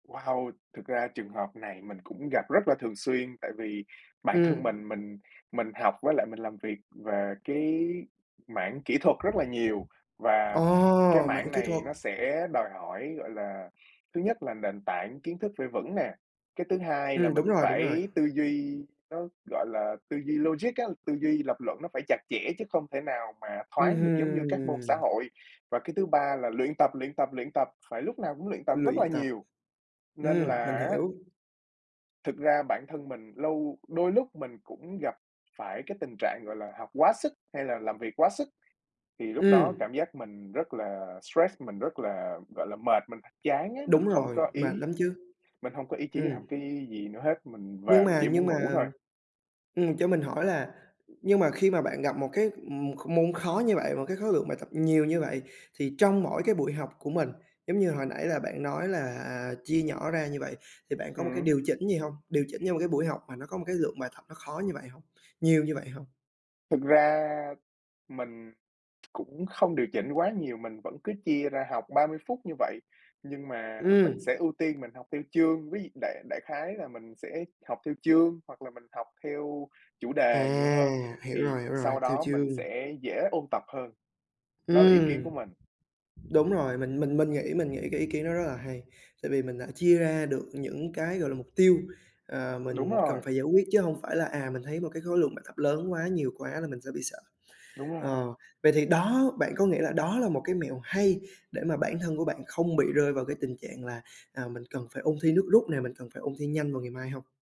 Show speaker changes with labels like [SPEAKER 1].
[SPEAKER 1] Wow! Thực ra trường hợp này mình cũng gặp rất là thường xuyên, tại vì bản thân
[SPEAKER 2] Ừm.
[SPEAKER 1] mình mình mình học với lại mình làm việc về cái mảng kỹ thuật rất là nhiều,
[SPEAKER 2] Ồ!
[SPEAKER 1] và cái
[SPEAKER 2] Mảng
[SPEAKER 1] mảng
[SPEAKER 2] kỹ
[SPEAKER 1] này
[SPEAKER 2] thuật.
[SPEAKER 1] nó sẽ đòi hỏi, gọi là, thứ nhất là nền tảng kiến thức phải vững nè, cái thứ hai là
[SPEAKER 2] Ừm, đúng
[SPEAKER 1] mình
[SPEAKER 2] rồi, đúng rồi!
[SPEAKER 1] phải tư duy, nó, gọi là, tư duy logic á, tư duy lập luận nó phải chặt chẽ, chứ không thể nào mà
[SPEAKER 2] Ừm
[SPEAKER 1] thoáng được giống như
[SPEAKER 2] hưm,
[SPEAKER 1] các môn xã
[SPEAKER 2] ừm.
[SPEAKER 1] hội. Và cái thứ ba là luyện tập, luyện tập, luyện tập, phải lúc nào cũng luyện tập rất là
[SPEAKER 2] Luyện tập.
[SPEAKER 1] nhiều. Nên
[SPEAKER 2] Ừm, mình
[SPEAKER 1] là á
[SPEAKER 2] hiểu.
[SPEAKER 1] thực ra bản thân mình lâu đôi lúc mình cũng gặp phải cái tình trạng, gọi là, học quá sức hay là làm việc quá sức, thì lúc đó
[SPEAKER 2] Ừm.
[SPEAKER 1] cảm giác mình rất là stress, mình rất là, gọi là, mệt, mình chán á, mình
[SPEAKER 2] Đúng
[SPEAKER 1] không
[SPEAKER 2] rồi,
[SPEAKER 1] có
[SPEAKER 2] mệt
[SPEAKER 1] ý
[SPEAKER 2] lắm chứ!
[SPEAKER 1] mình hông có ý chí
[SPEAKER 2] Ừm.
[SPEAKER 1] làm cái gì nữa hết, mình
[SPEAKER 2] Nhưng
[SPEAKER 1] về mình
[SPEAKER 2] mà
[SPEAKER 1] chỉ
[SPEAKER 2] nhưng
[SPEAKER 1] muốn ngủ
[SPEAKER 2] mà
[SPEAKER 1] thôi.
[SPEAKER 2] ừm, cho mình hỏi là, nhưng mà khi mà bạn gặp một cái, ừm, kh môn khó như vậy, một cái khối lượng bài tập nhiều như vậy, thì trong mỗi cái buổi học của mình, giống như hồi nãy là bạn nói là, à, chia nhỏ ra như vậy, thì bạn có một cái
[SPEAKER 1] Ừm.
[SPEAKER 2] điều chỉnh gì hông? Điều chỉnh cho một cái buổi học mà nó có một cái lượng bài tập nó khó như vậy hông, nhiều như vậy hông?
[SPEAKER 1] Thực ra mình cũng không điều chỉnh quá nhiều, mình vẫn cứ chia ra học 30 phút như vậy, nhưng mà mình
[SPEAKER 2] Ừm.
[SPEAKER 1] sẽ ưu tiên mình học theo chương. Ví dụ đại đại khái là mình sẽ học theo chương, hoặc là mình học theo chủ đề nhiều hơn,
[SPEAKER 2] À! Hiểu
[SPEAKER 1] thì
[SPEAKER 2] rồi, hiểu rồi,
[SPEAKER 1] sau
[SPEAKER 2] học theo
[SPEAKER 1] đó
[SPEAKER 2] chương.
[SPEAKER 1] mình sẽ dễ ôn tập hơn, đó là ý kiến của
[SPEAKER 2] Ừm.
[SPEAKER 1] mình.
[SPEAKER 2] Đúng rồi, mình mình mình nghĩ mình nghĩ cái ý kiến đó rất là hay, tại vì mình đã chia ra được những cái, gọi là, mục tiêu, ờ,
[SPEAKER 1] Đúng
[SPEAKER 2] mình cần
[SPEAKER 1] rồi.
[SPEAKER 2] phải giải quyết, chứ hông phải là, à, mình thấy một cái khối lượng bài tập lớn quá, nhiều quá là mình sẽ bị sợ.
[SPEAKER 1] Đúng rồi.
[SPEAKER 2] Ờ, vậy thì đó bạn có nghĩ là đó là một cái mẹo hay để mà bản thân của bạn không bị rơi vào cái tình trạng là, à, mình cần phải ôn thi nước rút nè, mình cần phải ôn thi nhanh vào ngày mai hông?